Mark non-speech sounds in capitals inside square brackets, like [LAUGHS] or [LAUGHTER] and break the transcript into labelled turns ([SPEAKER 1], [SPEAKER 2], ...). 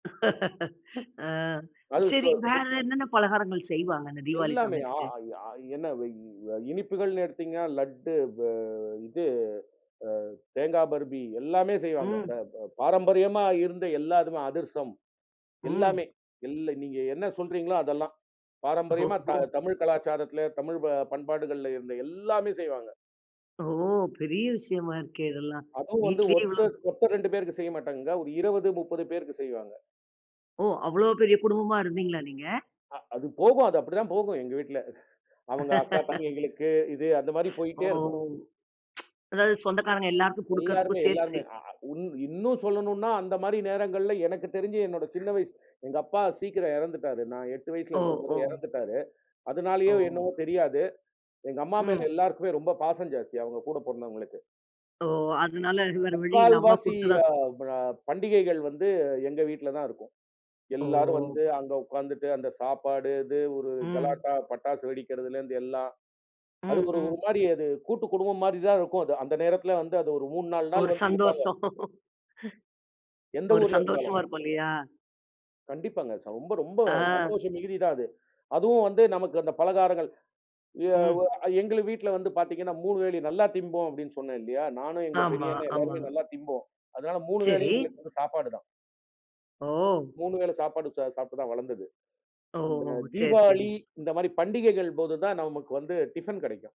[SPEAKER 1] [CHUCKLES] ஆ.
[SPEAKER 2] அது. சொ
[SPEAKER 1] சரி வேற
[SPEAKER 2] சுத்
[SPEAKER 1] என்னென்ன பலகாரங்கள் செய்வாங்க அந்த தீவாளி
[SPEAKER 2] எல்லாமே. ஆ
[SPEAKER 1] சமயத்துக்கு?
[SPEAKER 2] இ ஆ என்ன இ இனிப்புகள்ன்னு எடுத்தீங்கனா லட்டு வ இது, அ தேங்கா பருஃபி எல்லாமே செய்வாங்க. த
[SPEAKER 1] ம்.
[SPEAKER 2] ப பாரம்பரியமா இருந்த எல்லா அதுர்சம். எல்லாமே
[SPEAKER 1] ம்.
[SPEAKER 2] எல்லு நீங்க என்ன சொல்றீங்களோ அதெல்லாம் பாரம்பரியமா த
[SPEAKER 1] ஓஹோ.
[SPEAKER 2] தமிழ் கலாச்சாரத்துல, தமிழ் ப பண்பாடுகள்ல இருந்த எல்லாமே செய்வாங்க.
[SPEAKER 1] ஓ! பெரிய விஷயமா இருக்கே இதெல்லாம்.
[SPEAKER 2] அதுவும் வந்து
[SPEAKER 1] வீட்டிலே இவ்வளவு
[SPEAKER 2] ஒர்தர் ஒருத்தர் 2 பேருக்கு செய்யமாட்டாங்கங்க. ஒரு 20, 30 பேருக்கு செய்வாங்க.
[SPEAKER 1] ஓ! அவ்ளோ பெரிய குடும்பமா இருந்தீங்களா நீங்க?
[SPEAKER 2] அ, அது போகும். அது அப்படி தான் போகும் எங்க வீட்டுல. அவங்க அக்கா
[SPEAKER 1] [LAUGHS]
[SPEAKER 2] தங்கைகளுக்கு இது அந்த மாரி
[SPEAKER 1] ஓ!
[SPEAKER 2] போயிட்டே இருக்கும்.
[SPEAKER 1] அதாது சொந்தக்காரங்க எல்லாருக்கும்
[SPEAKER 2] எல்லாருமே,
[SPEAKER 1] குடுக்கறதுக்கும் சேர்த்து
[SPEAKER 2] எல்லாருமே.
[SPEAKER 1] செய்
[SPEAKER 2] ஆ அ இன்னும் சொல்லணும்னா அந்த மாரி நேரங்கள்ல எனக்கு தெரிஞ்சு என்னோட சின்ன வயசு. எங்க அப்பா சீக்கிரம் இறந்துட்டாரு. நான் 8
[SPEAKER 1] ஓ,
[SPEAKER 2] வயசுல இருக்கும்போதே
[SPEAKER 1] ஓ.
[SPEAKER 2] இறந்துட்டாரு. அதனாலயோ
[SPEAKER 1] ஓ.
[SPEAKER 2] என்னவோ தெரியாது. எங்க அம்மா மேல
[SPEAKER 1] ம்.
[SPEAKER 2] எல்லாருக்குமே ரொம்ப பாசம் ஜாஸ்தி. அவங்க கூடப் பொறந்தவங்களுக்கு.
[SPEAKER 1] ஓ! அதனால வேற வழி இல்ல அம்மா
[SPEAKER 2] 3/4
[SPEAKER 1] குடுத்துதான்
[SPEAKER 2] ஆ ப பண்டிகைகள் வந்து எங்க வீட்டுல தான் இருக்கும்.
[SPEAKER 1] ஓ!
[SPEAKER 2] எல்லாரும் வந்து அங்க உக்காந்துட்டு அந்த சாப்பாடு இது ஒரு
[SPEAKER 1] ம்.
[SPEAKER 2] கலாட்டா, பட்டாசு வெடிக்கிறதுலேருந்து எல்லா அது
[SPEAKER 1] ம்.
[SPEAKER 2] ஒரு ஒரு
[SPEAKER 1] ம்.
[SPEAKER 2] மாரி. அது கூட்டுக்குடும்பம் மாரி தான் இருக்கும் அது. அந்த நேரத்துல வந்து அது ஒரு 3, 4
[SPEAKER 1] ஒரு
[SPEAKER 2] நாள் வந்து இருப்பாங்க.
[SPEAKER 1] சந்தோஷம். [CHUCKLES]
[SPEAKER 2] எந்த
[SPEAKER 1] ஒரு
[SPEAKER 2] ஊர்ல இருந்தாலும்.
[SPEAKER 1] சந்தோஷமா இருப்போ இல்லயா?
[SPEAKER 2] கண்டிப்பாங்க. ச ரொம்ப, ரொம்ப
[SPEAKER 1] ஆ.
[SPEAKER 2] சந்தோஷம் மிகுதி தான் அது. அதுவும் வந்து நமக்கு அந்த பலகாரங்கள். எ
[SPEAKER 1] ம்.
[SPEAKER 2] வு அ எங்கள வீட்டுல வந்து பாத்தீங்கன்னா 3 வேளையும் நல்லா திம்போ அப்டின்னு சொன்னே இல்லையா? நானும், எங்க
[SPEAKER 1] ஆமா,
[SPEAKER 2] பெரியண்ணே.
[SPEAKER 1] ஆமா.
[SPEAKER 2] எல்லாருமே நல்லா திம்போம். அதனால 3
[SPEAKER 1] சரி.
[SPEAKER 2] வேளையும் எங்களுக்கு சாப்பாடு தான்.
[SPEAKER 1] ஓ!
[SPEAKER 2] 3 வேள சாப்பாடு ச சாப்பிட்டு தான் வளர்ந்தது. அந்த
[SPEAKER 1] ஓஹோ!
[SPEAKER 2] மாரி
[SPEAKER 1] சரி,
[SPEAKER 2] தீபாவளி
[SPEAKER 1] சரி.
[SPEAKER 2] இந்த மாரி பண்டிகைகள் போது தான் நமக்கு வந்து டிஃபன் கிடைக்கும்.